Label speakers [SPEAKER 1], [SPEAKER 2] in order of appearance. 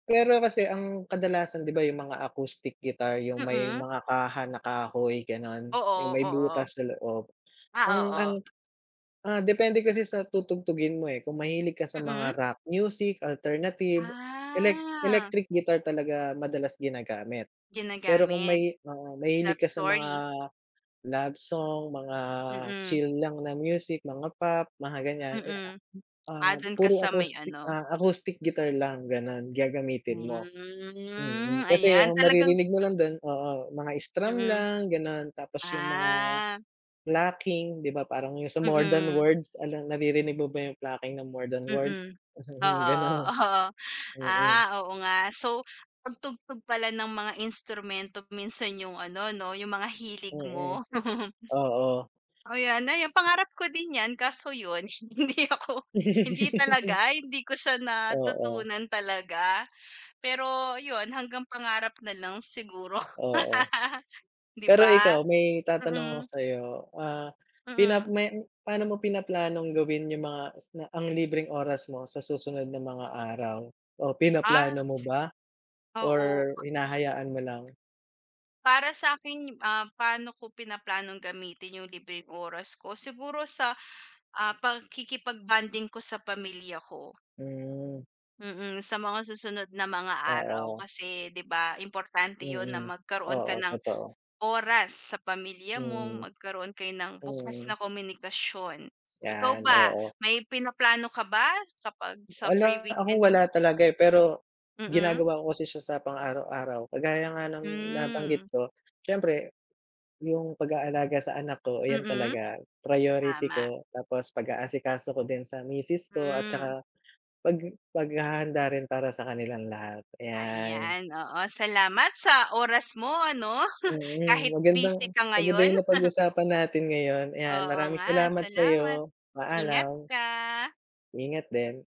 [SPEAKER 1] Pero kasi ang kadalasan, di ba yung mga acoustic guitar, yung may
[SPEAKER 2] Mm.
[SPEAKER 1] mga kaha na kahoy ganun.
[SPEAKER 2] Oo
[SPEAKER 1] Yung may
[SPEAKER 2] oo.
[SPEAKER 1] butas na loob
[SPEAKER 2] Ah
[SPEAKER 1] ang, ang,
[SPEAKER 2] oo.
[SPEAKER 1] ah, depende kasi sa tutugtugin mo, eh, kung mahilig ka sa
[SPEAKER 2] Mm.
[SPEAKER 1] mga rock music, alternative, elec
[SPEAKER 2] Ah.
[SPEAKER 1] electric guitar talaga madalas ginagamit. Pero kung
[SPEAKER 2] Ginagamit?
[SPEAKER 1] may oo mga mahilig
[SPEAKER 2] Love
[SPEAKER 1] ka sa mga
[SPEAKER 2] story.
[SPEAKER 1] love song, mga
[SPEAKER 2] Mm.
[SPEAKER 1] chill lang na music mga pop, mga ganyan. Eh, ah,
[SPEAKER 2] Mm. Ah,
[SPEAKER 1] ah,
[SPEAKER 2] dun ka
[SPEAKER 1] puro
[SPEAKER 2] sa may
[SPEAKER 1] acoustic
[SPEAKER 2] ano?
[SPEAKER 1] ah acoustic guitar lang ganon gagamitin mo.
[SPEAKER 2] Hmm,
[SPEAKER 1] Mm. kasi
[SPEAKER 2] ayan
[SPEAKER 1] ang
[SPEAKER 2] talagang
[SPEAKER 1] maririnig mo lang dun, oo mga strum
[SPEAKER 2] Mm.
[SPEAKER 1] lang ganon tapos yung mga,
[SPEAKER 2] Ah.
[SPEAKER 1] plucking di ba parang yung sa more than
[SPEAKER 2] Mm.
[SPEAKER 1] words alam naririnig mo ba yung plucking ng more than words?
[SPEAKER 2] Mm. Oo,
[SPEAKER 1] Ganun,
[SPEAKER 2] oo, oo.
[SPEAKER 1] mm.
[SPEAKER 2] Ah, oo nga so pagtugtog pala ng mga instrumento minsan yung ano no yung mga hilig
[SPEAKER 1] Mm,
[SPEAKER 2] mo?
[SPEAKER 1] oo.
[SPEAKER 2] O, 'yan ayun pangarap ko din yan kaso yun, hindi ako, hindi talaga hindi ko siya
[SPEAKER 1] Oo.
[SPEAKER 2] natutunan talaga. Pero yun, hanggang pangarap na lang siguro.
[SPEAKER 1] Oo.
[SPEAKER 2] Di
[SPEAKER 1] Pero
[SPEAKER 2] ba?
[SPEAKER 1] ikaw may tatanong ako
[SPEAKER 2] Mm.
[SPEAKER 1] sayo. Ah, pina
[SPEAKER 2] Mm.
[SPEAKER 1] may pa'no mo pinaplanong gawin yung mga isna ang libreng oras mo sa susunod na mga araw? O
[SPEAKER 2] Ah,
[SPEAKER 1] pinaplano mo
[SPEAKER 2] sisi
[SPEAKER 1] ba?
[SPEAKER 2] oo.
[SPEAKER 1] Or hinahayaan mo lang?
[SPEAKER 2] Para sakin ah paano ko pinaplanong gamitin yung libreng oras ko? Siguro sa, ah, pagkikipag-bonding ko sa pamilya ko.
[SPEAKER 1] Hmm.
[SPEAKER 2] Mm, sa mga susunod na mga araw.
[SPEAKER 1] Oo.
[SPEAKER 2] Kasi di ba importante yun na
[SPEAKER 1] Mm,
[SPEAKER 2] magkaroon ka
[SPEAKER 1] oo
[SPEAKER 2] ng
[SPEAKER 1] totoo.
[SPEAKER 2] oras sa pamilya mo,
[SPEAKER 1] Mm.
[SPEAKER 2] magkaroon kayo ng bukas
[SPEAKER 1] Mm.
[SPEAKER 2] na komunikasyon. Ikaw
[SPEAKER 1] Yan,
[SPEAKER 2] ba?
[SPEAKER 1] oo.
[SPEAKER 2] May pinaplano ka ba? Kapag sa free
[SPEAKER 1] Wala ako
[SPEAKER 2] weekend
[SPEAKER 1] wala
[SPEAKER 2] niyo?
[SPEAKER 1] talaga, eh, pero,
[SPEAKER 2] Mm.
[SPEAKER 1] ginagawa ko kasi siya sa pang araw-araw. Kagaya nga ng
[SPEAKER 2] Hmm.
[SPEAKER 1] nabanggit ko, siyempre yung pag-aalaga sa anak ko ayan
[SPEAKER 2] Mm,
[SPEAKER 1] talaga priority
[SPEAKER 2] tama.
[SPEAKER 1] ko tapos pag-aasikaso ko din sa misis ko at
[SPEAKER 2] Hmm.
[SPEAKER 1] tsaka, pag paghahanda rin para sa kanilang lahat ayan.
[SPEAKER 2] Ayan, oo, salamat sa oras mo ano,
[SPEAKER 1] Mm,
[SPEAKER 2] kahit busy
[SPEAKER 1] magandang
[SPEAKER 2] ka
[SPEAKER 1] maganda
[SPEAKER 2] ngayon.
[SPEAKER 1] yung napag-usapan natin ngayon ayan
[SPEAKER 2] Oo
[SPEAKER 1] maraming
[SPEAKER 2] nga
[SPEAKER 1] salamat
[SPEAKER 2] salamat,
[SPEAKER 1] sayo,
[SPEAKER 2] ingat
[SPEAKER 1] paalam.
[SPEAKER 2] ka.
[SPEAKER 1] Ingat din.